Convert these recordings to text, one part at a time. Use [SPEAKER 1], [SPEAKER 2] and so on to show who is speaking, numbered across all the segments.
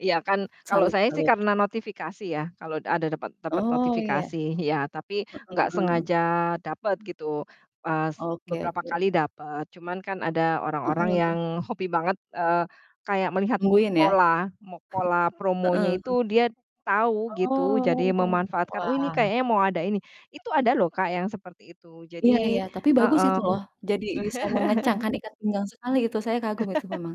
[SPEAKER 1] Iya kan kalau saya sih
[SPEAKER 2] Salut-salut.
[SPEAKER 1] karena notifikasi ya, kalau ada dapet dapet
[SPEAKER 2] Oh, ya.
[SPEAKER 1] notifikasi, iya tapi
[SPEAKER 2] Heeh
[SPEAKER 1] gak
[SPEAKER 2] heeh.
[SPEAKER 1] sengaja dapet gitu. Pas
[SPEAKER 2] Oke
[SPEAKER 1] beberapa
[SPEAKER 2] oke.
[SPEAKER 1] kali dapet, cuman kan ada orang-orang
[SPEAKER 2] Heeh.
[SPEAKER 1] yang hobi banget, eee, kayak melihat
[SPEAKER 2] Tungguin ya?
[SPEAKER 1] pol a mo pola promonya
[SPEAKER 2] Heeh.
[SPEAKER 1] itu dia tahu gitu, jadi
[SPEAKER 2] Oh,
[SPEAKER 1] memanfaatkan, "Oh, ini
[SPEAKER 2] wah.
[SPEAKER 1] kayaknya mau ada ini." Itu ada loh, Kak, yang seperti itu,
[SPEAKER 2] Iya
[SPEAKER 1] jadi
[SPEAKER 2] iya, tapi bagus itu
[SPEAKER 1] heeh.
[SPEAKER 2] loh jadi bisa mengencangkan ikat pinggang sekali itu, saya kagum itu memang.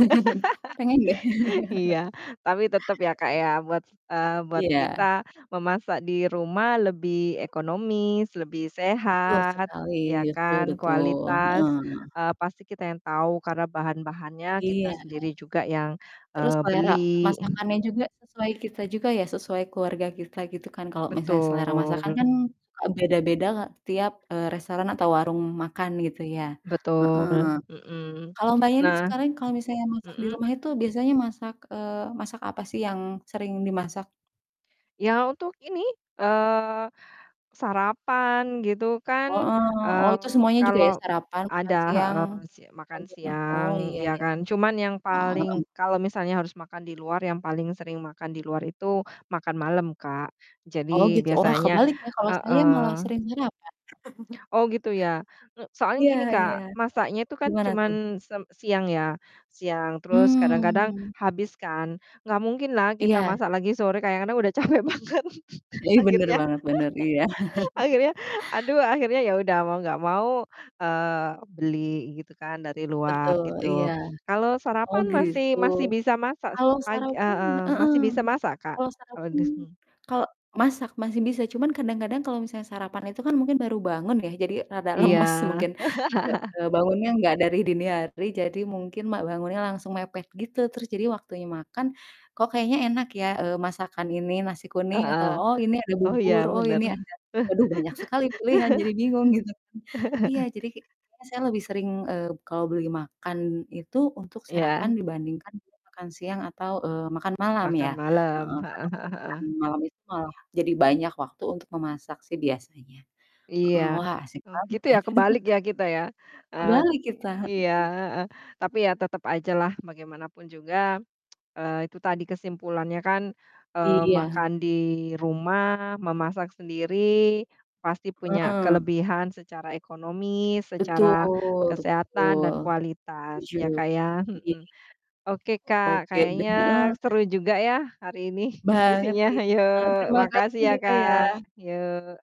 [SPEAKER 2] Pengen ya?
[SPEAKER 1] Iya tapi tetep ya, Kak, ya buat eee, buat
[SPEAKER 2] Iya.
[SPEAKER 1] kita memasak di rumah lebih ekonomis, lebih
[SPEAKER 2] Betul
[SPEAKER 1] sehat
[SPEAKER 2] sekali,
[SPEAKER 1] ya
[SPEAKER 2] betul
[SPEAKER 1] kan,
[SPEAKER 2] betul,
[SPEAKER 1] kualitas,
[SPEAKER 2] heeh.
[SPEAKER 1] eee, pasti kita yang tau karena bahan-bahannya kita
[SPEAKER 2] Iya.
[SPEAKER 1] sendiri juga yang,
[SPEAKER 2] Terus
[SPEAKER 1] eee,
[SPEAKER 2] selera
[SPEAKER 1] beli.
[SPEAKER 2] masakannya juga sesuai kita juga ya, sesuai keluarga kita gitu kan, kalau misalnya selera masakan
[SPEAKER 1] Betul.
[SPEAKER 2] kan, eee, beda-beda, Kak, setiap, eee, restoran atau warung makan gitu ya, heeh.
[SPEAKER 1] Betul, mhm.
[SPEAKER 2] Kalau Mbaknya nih
[SPEAKER 1] Nah
[SPEAKER 2] sekarang kalau misalnya masak di
[SPEAKER 1] mhm?
[SPEAKER 2] rumah itu biasanya masak eee, masak apa sih yang sering dimasak?
[SPEAKER 1] Ya untuk ini, eee, sarapan gitu kan,
[SPEAKER 2] Heeh, oh itu
[SPEAKER 1] eee,
[SPEAKER 2] semuanya juga ya,
[SPEAKER 1] kalau
[SPEAKER 2] sarapan, makan
[SPEAKER 1] ada
[SPEAKER 2] siang,
[SPEAKER 1] heeh, si makan
[SPEAKER 2] selanjutnya,
[SPEAKER 1] siang
[SPEAKER 2] oh iya
[SPEAKER 1] ya
[SPEAKER 2] ya,
[SPEAKER 1] kan. Cuman yang
[SPEAKER 2] heeh
[SPEAKER 1] paling
[SPEAKER 2] heeh.
[SPEAKER 1] kalau misalnya harus makan di luar, yang paling sering makan di luar itu makan malem, Kak,
[SPEAKER 2] Oh
[SPEAKER 1] jadi
[SPEAKER 2] gitu, wah
[SPEAKER 1] biasanya
[SPEAKER 2] kebalik ya, kalo saya malah
[SPEAKER 1] heeh.
[SPEAKER 2] sering sarapan.
[SPEAKER 1] Oh gitu ya, m soalnya
[SPEAKER 2] Iya
[SPEAKER 1] gini,
[SPEAKER 2] iya,
[SPEAKER 1] Kak, masaknya itu kan
[SPEAKER 2] gimana tuh?
[SPEAKER 1] cuman sem siang ya, siang terus kadang-kadang
[SPEAKER 2] Hmm.
[SPEAKER 1] habis kan. Gak mungkin lah kita
[SPEAKER 2] Iya.
[SPEAKER 1] masak lagi sore kadang-kadang udah capek banget
[SPEAKER 2] Ih, bener
[SPEAKER 1] akhirnya
[SPEAKER 2] banget, bener, iya.
[SPEAKER 1] akhirnya aduh akhirnya ya udah mau gak mau, eee, beli gitu kan dari luar
[SPEAKER 2] Betul, iya.
[SPEAKER 1] gitu. Kalau
[SPEAKER 2] Oh
[SPEAKER 1] sarapan
[SPEAKER 2] gitu.
[SPEAKER 1] masih masih bisa masak s
[SPEAKER 2] Kalau
[SPEAKER 1] pag
[SPEAKER 2] sarapan
[SPEAKER 1] heeh,
[SPEAKER 2] heeh,
[SPEAKER 1] masih bisa masak, Kak,
[SPEAKER 2] kalau
[SPEAKER 1] kalau
[SPEAKER 2] sarapan
[SPEAKER 1] di sini.
[SPEAKER 2] kal masak masih bisa cuman kadang-kadang kalau sarapan itu kan mungkin baru bangun ya jadi rada
[SPEAKER 1] Iya
[SPEAKER 2] lemas mungkin, nggak eee, bangunnya nggak dari dini hari jadi mungkin ma bangunnya langsung mepet gitu terus jadi waktunya makan, "Kok kayaknya enak ya, eee, masakan ini? Nasi kuning," atau,
[SPEAKER 1] Heeh,
[SPEAKER 2] "Oh, ini ada
[SPEAKER 1] oh
[SPEAKER 2] bubur,
[SPEAKER 1] ya
[SPEAKER 2] oh,
[SPEAKER 1] bener.
[SPEAKER 2] ini ada" waduh, banyak sekali pilihan jadi bingung gitu kan. Iya jadi kayaknya saya lebih sering, eee, kalau beli makan itu untuk sarapan
[SPEAKER 1] Iya.
[SPEAKER 2] dibandingkan dia makan siang atau, eee, makan malam
[SPEAKER 1] Makan
[SPEAKER 2] ya,
[SPEAKER 1] malem,
[SPEAKER 2] heeh,
[SPEAKER 1] heeh
[SPEAKER 2] karena
[SPEAKER 1] heeh
[SPEAKER 2] makan
[SPEAKER 1] heeh.
[SPEAKER 2] malam itu malah jadi banyak waktu untuk memasak sih biasanya,
[SPEAKER 1] Iya,
[SPEAKER 2] heeh, wah asik
[SPEAKER 1] hmm,
[SPEAKER 2] banget
[SPEAKER 1] gitu
[SPEAKER 2] ya.
[SPEAKER 1] ya kebalik ya kita ya. Eee t
[SPEAKER 2] Kebalik kita,
[SPEAKER 1] iya,
[SPEAKER 2] heeh.
[SPEAKER 1] heeh, tapi ya tetep aja lah bagaimanapun juga, eee, itu tadi kesimpulannya kan, eee,
[SPEAKER 2] Iya.
[SPEAKER 1] makan di rumah, memasak sendiri pasti punya
[SPEAKER 2] Heeh.
[SPEAKER 1] kelebihan secara ekonomi, secara
[SPEAKER 2] Betul
[SPEAKER 1] kesehatan
[SPEAKER 2] betul.
[SPEAKER 1] dan kualitas
[SPEAKER 2] Setuju,
[SPEAKER 1] ya, Kak ya,
[SPEAKER 2] iya.
[SPEAKER 1] mhm. Oke, Kak,
[SPEAKER 2] Oke,
[SPEAKER 1] kayaknya
[SPEAKER 2] bener.
[SPEAKER 1] seru juga ya hari ini
[SPEAKER 2] Banget,
[SPEAKER 1] diskusinya,
[SPEAKER 2] iya.
[SPEAKER 1] hayo makasih
[SPEAKER 2] Terimakasih
[SPEAKER 1] ya,
[SPEAKER 2] ya, Kak,
[SPEAKER 1] Kak,
[SPEAKER 2] ya.
[SPEAKER 1] yok.